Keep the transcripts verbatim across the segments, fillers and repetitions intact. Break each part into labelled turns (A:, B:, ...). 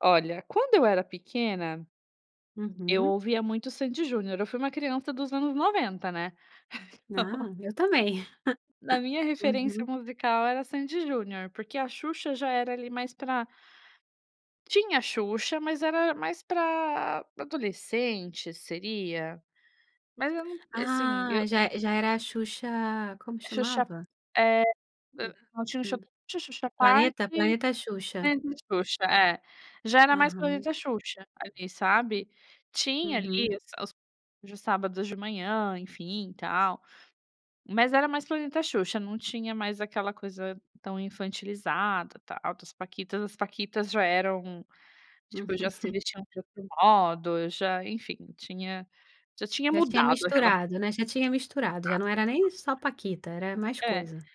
A: Olha, quando eu era pequena, eu
B: Uhum.
A: ouvia muito Sandy e Junior, eu fui uma criança dos anos noventa, né. Então
B: Ah, eu também.
A: Na minha referência
B: Uhum.
A: musical era Sandy e Junior, porque a Xuxa já era ali mais para Tinha Xuxa mas era mais para para adolescente, seria? Mas eu não assim, eu.
B: Ah, já e já era a Xuxa, como
A: Xuxa,
B: chamava?
A: eh, não tinha o show da
B: [unintelligible]
A: Xuxa, Xuxa
B: Planeta,
A: parque
B: planeta Xuxa.
A: Planeta Xuxa, é. Já era mais
B: Aham.
A: planeta Xuxa ali, sabe? Tinha
B: Uhum.
A: ali os sábados de manhã, enfim, tal, mas era mais planeta Xuxa. Não tinha mais aquela coisa tão infantilizada, tal, outras paquitas, as paquitas já eram, tipo, já se
B: Uhum.
A: vestiam de outro modo, já enfim tinha já tinha
B: Já tinha
A: mudado a relação.
B: misturado, né, já tinha misturado, já não era nem só paquita, era mais
A: É.
B: coisa.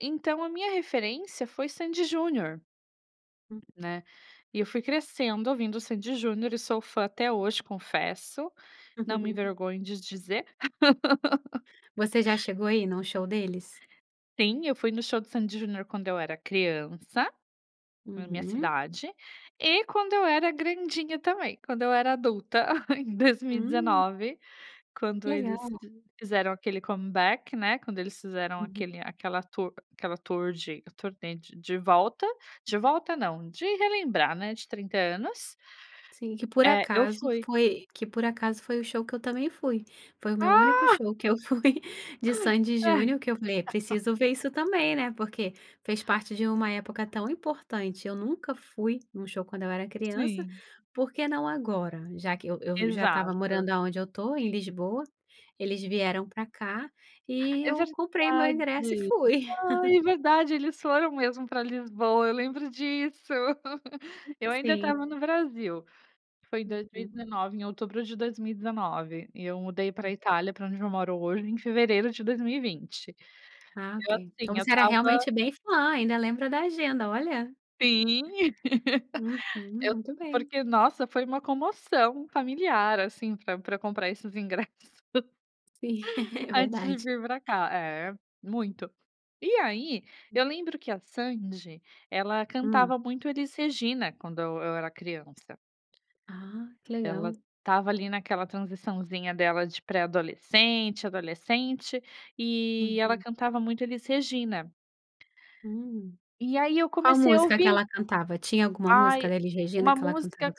A: Então a minha referência foi Sandy e Junior.
B: Hum.
A: Né. E eu fui crescendo ouvindo Sandy e Junior e sou fã até hoje, confesso. Não me envergonho de dizer.
B: Você já chegou a ir num show deles?
A: Sim, eu fui no show de Sandy e Junior quando eu era criança, na minha
B: Uhum.
A: cidade, e quando eu era grandinha também, quando eu era adulta, em dois mil e
B: Hum.
A: dezenove,
B: Que
A: quando eles
B: legal.
A: fizeram aquele comeback, né, quando eles fizeram
B: Uhum.
A: aquele aquele aquela tour de turnê de de volta de volta não, de relembrar, né, de trinta anos
B: Sim, que por
A: é, eu
B: acaso
A: fui.
B: foi que por acaso foi o show que eu também fui, foi o meu único
A: Ah.
B: show que eu fui de Sandy e Junior que eu falei: "Preciso ver isso também, né. Porque fez parte de uma época tão importante, eu nunca fui em um show quando eu era criança,
A: Sim.
B: por que não agora?" Já que eu, eu já estava
A: Exato.
B: morando aonde eu estou, em Lisboa, eles vieram para cá, e
A: É
B: eu comprei o meu
A: verdade.
B: ingresso e fui.
A: Ai, é verdade, eles foram mesmo para Lisboa, eu lembro disso. Eu ainda
B: Sim.
A: estava no Brasil. Foi dois mil e
B: Uhum.
A: dezenove, em outubro de dois mil e dezenove, e eu mudei para
B: Ok.
A: Itália, para onde eu moro hoje, em fevereiro de dois mil e vinte.
B: Ah,
A: Eu
B: ok. Então
A: assim,
B: a
A: eu
B: senhora é
A: estava
B: realmente bem, fã ainda lembra da agenda, olha.
A: Sim.
B: Uhum.
A: Eu
B: Muito bem.
A: porque, nossa, foi uma comoção familiar assim para para comprar esses ingressos.
B: Sim, é
A: Antes de
B: verdade.
A: vir para cá é, muito. E aí,
B: Hum.
A: eu lembro que a Sandy, ela
B: Hum.
A: cantava muito Elis Regina quando eu eu era criança.
B: Ah, que
A: Ela
B: legal.
A: estava ali naquela transiçãozinha dela de pré-adolescente, adolescente, e ela
B: Uhum.
A: cantava muito Elis Regina.
B: Hum.
A: E aí eu
B: Qual
A: comecei a
B: música que
A: ouvir
B: ela cantava? Tinha alguma
A: Ai,
B: música da Elis Regina
A: uma
B: que ela cantava?
A: música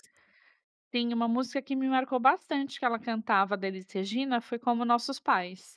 A: tem uma música que me marcou bastante, que ela cantava da Elis Regina, foi "Como nossos pais."